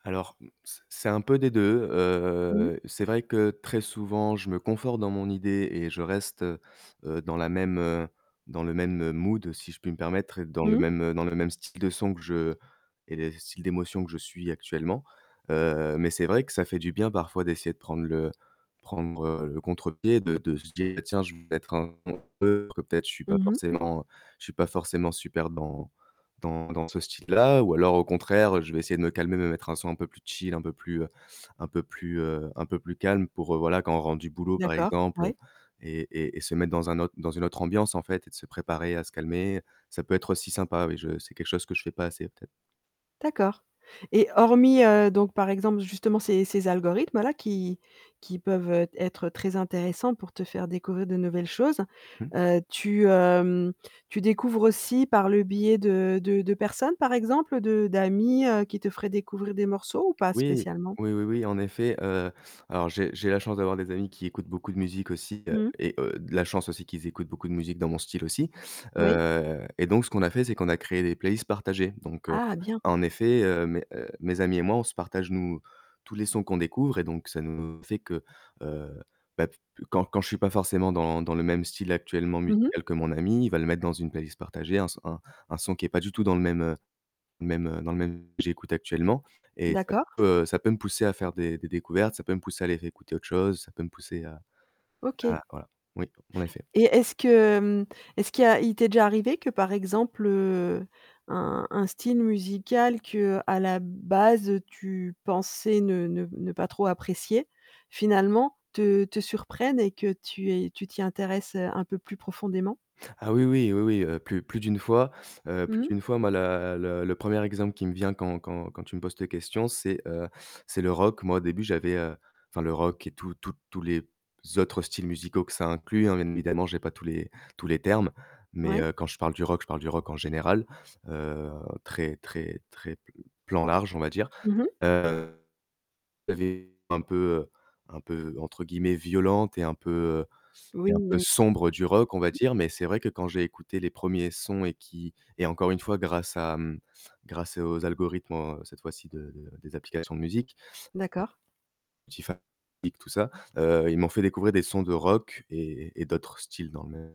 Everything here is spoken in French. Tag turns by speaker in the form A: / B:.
A: Alors, mmh, c c'est un peu des 2,
B: Mmh.
A: heu, c'est vrai que très souvent, je me conforte dans mon idée et je reste, heu heu, dans la même, heu, dans le même, heu, mood si je puis me permettre, dans le
B: Mmh.
A: même dans le même style de son que je et le style d'émotion que je suis actuellement, heu, mais c'est vrai que ça fait du bien parfois d'essayer de prendre le prendre le contre-pied, de de se dire: «Tiens! Je vais mettre un [unintelligible] que peut-être, je suis pas
B: Mmh mh.
A: forcément je suis pas forcément super dans dans dans ce style-là» ou alors au contraire, heu, je vais essayer de me calmer, me mettre un son un peu plus chill, un peu plus, heu un peu plus, heu, un peu plus calme pour, heu, voilà, quand on rentre du boulot, par
B: D'accord,
A: exemple
B: ouais.
A: et et et se mettre dans un autre dans une autre ambiance, en fait et de se préparer à se calmer, ça peut être aussi sympa, oui, je c'est quelque chose que je fais pas assez, peut-être.
B: D'accord. Et hormis, heu, donc, par exemple, justement, ces ces algorithmes-là, qui qui peuvent, heu, être très intéressants pour te faire découvrir de nouvelles choses,
A: Mmh.
B: heu, tu, hem, tu découvres aussi par le biais de de de personnes, par exemple, de d'amis, heu, qui te feraient découvrir des morceaux ou pas
A: Oui,
B: spécialement?
A: oui, oui, oui, en effet, heu, alors j'ai j'ai la chance d'avoir des amis qui écoutent beaucoup de musique aussi, heu
B: Mmh.
A: et heu, la chance aussi qu'ils écoutent beaucoup de musique dans mon style aussi,
B: Oui.
A: heu et donc, ce qu'on a fait, c'est qu'on a créé des playlists partagées, donc heu,
B: Ah bien!
A: en effet, heu, mes, heu, mes amis et moi, on se partage, nous tous les sons qu'on découvre et donc ça nous fait que, heu, bah, p quand quand je suis pas forcément dans dans le même style actuellement
B: Mmh mh.
A: musical que mon ami, il va le mettre dans une playlist partagée, un s un un son qui est pas du tout dans le même, heu, même, heu, dans le même que j'écoute actuellement et ça
B: D'accord.
A: peut ça peut me pousser à faire des des découvertes, ça peut me pousser à aller réécouter autre chose, ça peut me pousser à
B: OK.
A: à voilà, oui, en effet.
B: Et est-ce que, hem, est-ce qu'il y a il t'est déjà arrivé que, par exemple, heu, un un style musical que, à la base, heu, tu pensais ne ne ne pas trop apprécier, finalement, te te surprenne et que tu aies tu t'y intéresses, heu, un peu plus profondément?
A: Ah oui, oui, oui, oui, heu, plus plus d'1 fois, heu, plus
B: Mmh.
A: d'1 fois, moi, la le le 1er exemple qui me vient quand quand quand tu me poses cette question c'est, heu, c'est le rock. Moi, au début, j'avais, heu, enfin, le rock et tous tous tous les autres styles musicaux que ça inclut, hein, bien évidemment, j'ai pas tous les tous les termes, mais
B: Ouais.
A: heu, quand je parle du rock, je parle du rock, en général, heu, très, très, très pl plan large, on va dire,
B: Mmh mh.
A: heu, j'avais un peu, heu, un peu entre guillemets «violente» et un peu, heu et
B: Oui,
A: un peu
B: oui.
A: sombre du rock, on va dire mais c'est vrai que quand j'ai écouté les 1ers sons et qui et encore une fois grâce à, mmh, grâce aux algorithmes, heu, cette fois-ci de de des applications de musique
B: D'accord.
A: [unintelligible] qui fabriquent tout ça, heu, ils m'ont fait découvrir des sons de rock et et d'autres styles dans le même